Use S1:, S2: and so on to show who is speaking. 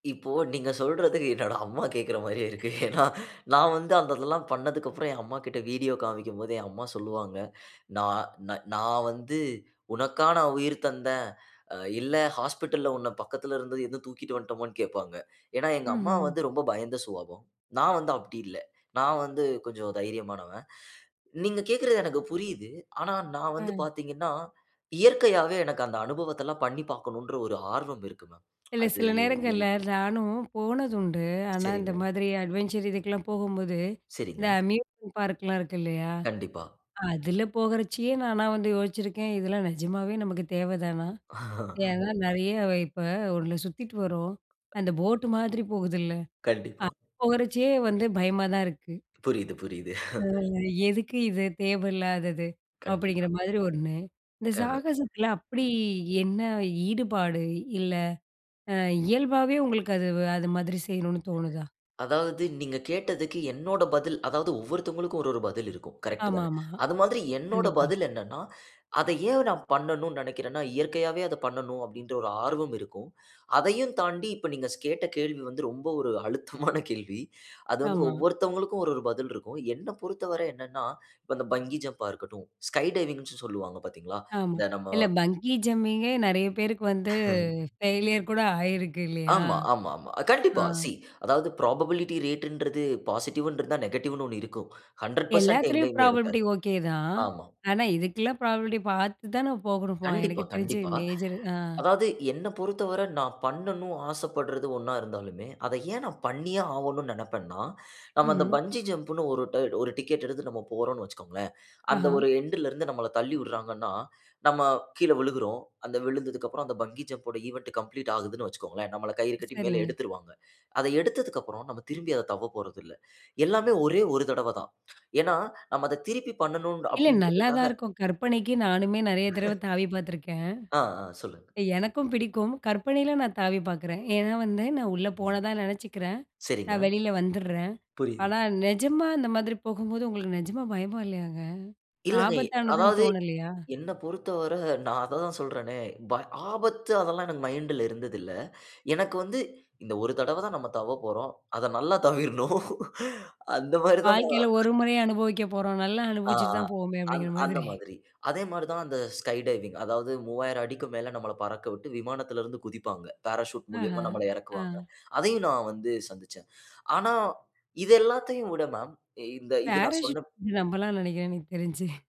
S1: இப்போ நீங்க சொல்றதுக்கு என்னோட அம்மா கேக்கற மாரியே இருக்கு. ஏன்னா நான் வந்து அந்த இதெல்லாம் பண்ணதுக்கு அப்புறம் என் அம்மாகிட்ட வீடியோ காமிக்கும்போது என் அம்மா சொல்லுவாங்க. நான் நான் வந்து உனக்கா நா உயிர் தந்தேன். இல்ல ஹாஸ்பிட்டல்ல உன்ன பக்கத்தில இருந்தது தூக்கிட்டு வந்துட்டோமான்னு கேட்பாங்க. ஏன்னா, எங்க அம்மா
S2: ம்ஹ்ம்.
S1: வந்து ரொம்ப பயந்த சுவாபம். நான் வந்து அப்படி இல்ல. நான் வந்து கொஞ்சம் தைரியமானவன். நீங்க கேக்கறது எனக்கு புரியுது. ஆனா, நான் வந்து
S2: ம்.
S1: பார்த்தீங்கன்னா, இயற்கையாவே எனக்கு அந்த அனுபவத்த எல்லாம் பண்ணி பார்க்கணும்ன்ற, ஒரு ஆர்வம் இருக்கு மேம்.
S2: இல்ல
S1: அது
S2: சில நேரங்கள்ல
S1: இருக்கு.
S2: நானும் போனது உண்டு. ஆனா இந்த
S1: சரிங்க.
S2: மாதிரி அட்வென்ச்சர் இதுக்கெல்லாம் போகும்போது இந்த
S1: சரிங்க.
S2: அம்யூஸ்மென்ட் பார்க்லாம் இருக்கு இல்லையா,
S1: கண்டிப்பா.
S2: அதில போகச்சயே நானா வந்து யோசிச்சிருக்கேன். "இதெல்லாம் நிஜமாகவே நமக்கு தேவைதானா?" ஏன்னா நிறைய இப்போ ஒண்ணுல சுத்திட்டு வரோம் அந்த போட் மாதிரி போகுதுல்ல
S1: கண்டிப்பா.
S2: அது போகச்சே வந்து பயமா தான் இருக்கு.
S1: புரியுது, புரியுது.
S2: "எதுக்கு இது தேவையில்லாதது." அப்படிங்கிற
S1: கண்டிப்பா.
S2: மாதிரி 1 இந்த சாகசத்தில அப்படி
S1: [unintelligible]
S2: என்ன ஈடுபாடு? இல்ல இயல்பாவே உங்களுக்கு அது அது மாதிரி செய்யணுன்னு தோணுதா?
S1: அதாவது நீங்க கேட்டதுக்கு என்னோட பதில். அதாவது ஒவ்வொருத்தவங்களுக்கும் ஒவ்வொரு பதில் இருக்கும் கரெக்ட்
S2: ஆமா
S1: தானே?
S2: ஆமா
S1: அது மாதிரி என்னோட
S2: கண்டிப்பா.
S1: பதில் என்னன்னா, அதை ஏன் நான் பண்ணணும்ன்னு நினைக்கிறேன்னா, இயற்கையாவே அத பண்ணணும் அப்படின்ற ஒரு ஆர்வம் இருக்கும். அதையும் தாண்டி இப்போ நீங்க ஸ் கேட்ட கேள்வி வந்து ரொம்ப ஒரு அழுத்தமான கேள்வி. அது வந்து
S2: ஆமா.
S1: ஒவ்வொருத்தவங்களுக்கும் ஒரு ஒரு பதில் இருக்கும். என்ன பொறுத்தவரை என்னன்னா இப்போ அந்த பங்கி ஜம்ப்பா இருக்கட்டும் ஸ்கை டைவிங்ன்னு சொல்லுவாங்க பார்த்தீங்களா?
S2: ஆமா
S1: இந்த நம்ம
S2: இல்ல பங்கி ஜம்பிங்கே நிறைய பேருக்கு வந்து
S1: ம்.
S2: ஃபெயில்யர் கூட ஆயிருக்கு இல்லையா?
S1: ஆமா, ஆமா, ஆமா. கண்டிப்பா
S2: ம்.
S1: சி அதாவது புரோபபிலிட்டி ரேட்ன்றது பாசிட்டிவ்ன்னு இருந்தா நெகட்டிவ்ன்னு 1 இருக்கும். 100%
S2: எல்லாத்துலயும்
S1: எங்கயுமே
S2: ப்ராபபிலிட்டி
S1: இருக்காது.
S2: ஓகே தான்.
S1: ஆமா.
S2: ஆனா இதுக்கெல்லாம் ப்ராபபிலிட்டி பார்த்து தான் போகணுமா எனக்கு
S1: கண்டிப்பா,
S2: தெரிஞ்சு
S1: கண்டிப்பா.
S2: மேஜர் ஆ.
S1: அதாவது என்னை பொறுத்தவரை நான் பண்ணனும் ஆசப்படுறது ஒண்ணா இருந்தாலுமே அதை ஏன் நான் பண்ணியே ஆகணும்ன்னு நினைப்பேன் நான். நம்ம அந்த
S2: ம்.
S1: பங்கி ஜம்ன்னு ஒரு டிக்கெட் எடுத்து நம்ம போறோம்ன்னு வச்சுக்கோங்களேன். அந்த
S2: ஆஹா.
S1: ஒரு எண்ட்ல் இருந்து நம்மள தள்ளி விடுறாங்கன்னா நம்ம கீழே விழுகுறோம். அந்த விழுந்ததுக்கு அப்புறம் அந்த பங்கி ஜம்ப் ஓட ஈவன்ட் கம்ப்ளீட் ஆகுதுன்னு வச்சுக்கோங்களேன். நம்மள கயிறு கட்டி மேல
S2: சரிங்க.
S1: எடுத்துருவாங்க. அத எடுத்ததுக்கு அப்புறம் நாம திரும்பி அத தவ்வ போறதில்ல. எல்லாமே ஒரே ஒரு தடவ தான். ஏன்னா நாம அதை திருப்பி பண்ணனும்
S2: இல்ல
S1: அப்படின்றதுக்காக
S2: நல்லாதான் இருக்கும். கற்பனைக்கு நானுமே நிறைய தடவ தாவி பார்த்துருக்கேன்.
S1: அ, அ, சொல்லுங்க.
S2: எனக்கும் பிடிக்கும். கற்பனையில நான் தாவி பார்க்குறேன். ஏன்னா வந்து நான் உள்ளே
S1: ம்ஹ்ம்.
S2: போனதா நினச்சிக்கிறேன்
S1: சரிங்க.
S2: நான் வெளியில வந்துர்றேன்.
S1: புரியுது.
S2: ஆனா நிஜமா அந்த மாதிரி போகும்போது உங்களுக்கு நிஜமா பயமா இல்லையாங்க?
S1: இல்லங்க. எ
S2: ஆபத்தானதுன்னு
S1: அதாவது
S2: தோணலையா?
S1: என்ன பொறுத்தவர நான் அததான் சொல்றேனே, ப ஆபத்து அதெல்லாம் எனக்கு மைண்ட்ல இருந்தது இல்ல. எனக்கு வந்து இந்த ஒரு தடவ தான் நம்ம தவ்வ போறோம். அதை நல்லா தவ்விரணும். அந்த மாதிரி தான்
S2: வாழ்க்கையில ஒரு முறையும் அனுபவிக்க போறோம். நல்லா
S1: ஆ
S2: அனுபவிச்சிட்டு
S1: ஆ
S2: தான் போவோமே
S1: அந்
S2: அப்படிங்கிற
S1: அந்த
S2: மாதிரி.
S1: மாதிரி. அதே மாதிரி தான் அந்த ஸ்கை டைவிங் அதாவது 3000 அடிக்கு மேல நம்மள பறக்கவிட்டு விமானத்தில இருந்து குதிப்பாங்க. பாராசூட்
S2: ஆஹ
S1: மூலியமா நம்மள இறக்குவாங்க.
S2: ஆ.
S1: அதையும் நான் வந்து சந்திச்சேன். ஆனா, இது எல்லாத்தையும் விட மேம் இந்த இது நான் சொன்ன
S2: பாராசூட் நம்பலாம் நினைக்கிறேன். எனக்கு தெரிஞ்சு.